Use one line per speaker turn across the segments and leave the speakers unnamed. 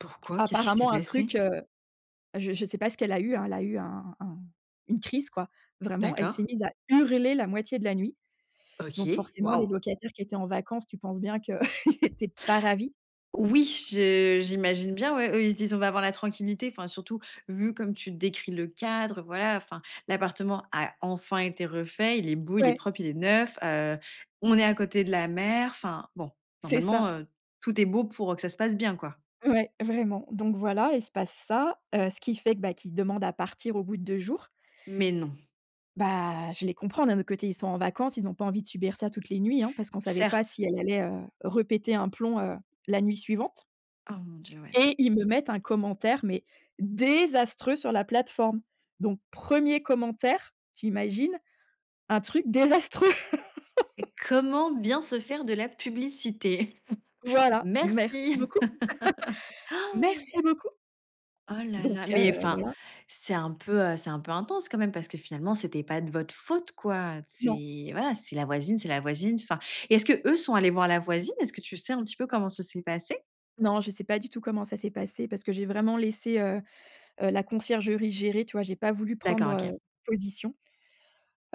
Pourquoi? Qu'est-ce qui s'est
Apparemment un truc,
passé?
heu heu, je je sais pas ce qu'elle a eu hein, elle a eu un un une crise, quoi. Vraiment, elle s'est
D'accord.
mise à hurler la moitié de la nuit. Donc
OK,
forcément, les
waouh!
locataires qui étaient en vacances, tu penses bien qu'ils étaient pas ravis.
Oui je j'imagine bien. Ouais, ils disent: «On va avoir la tranquillité». Enfin surtout vu comme tu décris le cadre, heu, voilà enfin, l'appartement a enfin été refait. Il est beau, il est
Ouais.
propre, il est neuf, heu, on est à côté de la mer. Enfin bon,
C'est
normalement,
ça.
heu, tout est beau pour que ça se passe bien, quoi.
Ouais, vraiment, donc voilà, il se passe ça, heu, ce qui fait bah, qui demande à partir au bout de 2 jours.
Mais non?
Bah je les comprends d'un autre côté, ils sont en vacances, ils ont pas envie de subir ça toutes les nuits hein, parce qu'on savait pas
Certes
si elle allait, heu, répéter un plomb, heu, la nuit suivante
Oh mon Dieu, ouais.
et ils me mettent un commentaire, mais désastreux sur la plateforme. Donc 1er commentaire, tu imagines? Un truc désastreux.
Et comment bien se faire de la publicité?
Voilà merci
Merci.
beaucoup. Merci beaucoup.
Oh là
Donc
là, mais
heu,
enfin,
voilà.
c'est un peu, heu, c'est un peu intense quand même, parce que finalement, c'était pas de votre faute, quoi.
Non.
C'est, voilà, c'est la voisine, c'est la voisine, enfin et est-ce que eux sont allés voir la voisine? Est-ce que tu sais un petit peu comment ça s'est passé?
Non, je sais pas du tout comment ça s'est passé parce que j'ai vraiment laissé, heu heu, la conciergerie gérer. Tu vois j'ai pas voulu prendre,
D'accord,
heu,
OK.
position.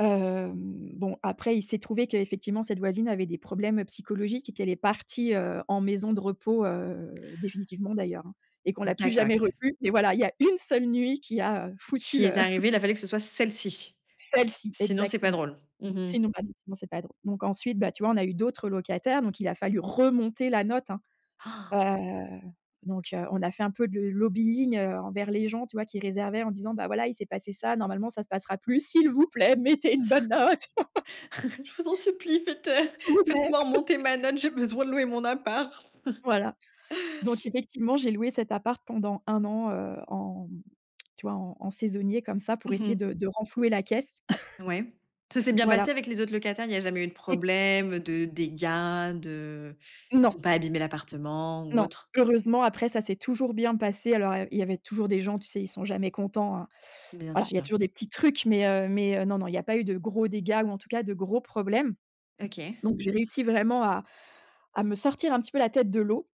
Hem, bon après il s'est trouvé qu'effectivement cette voisine avait des problèmes psychologiques et qu'elle est partie, heu, en maison de repos, heu, définitivement d'ailleurs, hein et qu'on l'a plus
D'accord,
jamais
OK.
revu. Mais voilà, il y a 1 seule nuit qui a foutu
Qui est
le
arrivé, il a fallu que ce soit celle-ci.
Celle-ci
Sinon, c'est pas
exactement.
drôle. Mmh mh.
Sinon [unintelligible] c'est pas drôle. Donc ensuite, bah tu vois, on a eu d'autres, heu, locataires, donc il a fallu remonter la note, hein.
Ah!
Heu, donc heu, on a fait un peu de lobbying, heu, envers les gens, tu vois, qui réservaient en disant: «Voilà bah, il s'est passé ça, ça normalement ça ne passera plus, s'il vous plaît, mettez une bonne note»
«Je vous en supplie, faites, heu,
«s'il vous plaît».
faites-moi remonter ma note, je vais devoir louer mon appart».
Voilà, donc effectivement j'ai loué cet appart pendant 1 an, heu, en mmh, tu vois, en en saisonnier comme ça pour
Mmh
essayer
mh.
de de renflouer la caisse.
Ouais, ça s'est bien
Voilà.
passé avec les autres locataires, il y a jamais eu de
Oui.
problèmes, de dégâts de ils ont
Non.
pas abîmé l'appartement ou
Non
autre?
heureusement après ça s'est toujours bien passé. Alors heu, il il y avait toujours des gens, tu sais, ils sont jamais contents, hein.
Bien
Voilà, il y a
sûr.
toujours des petits trucs, mais heu, mais heu, non, non, il y a pas eu de gros dégâts ou en tout cas, de gros problèmes.
OK.
Donc j'ai réussi vraiment à à me sortir un petit peu la tête de l'eau.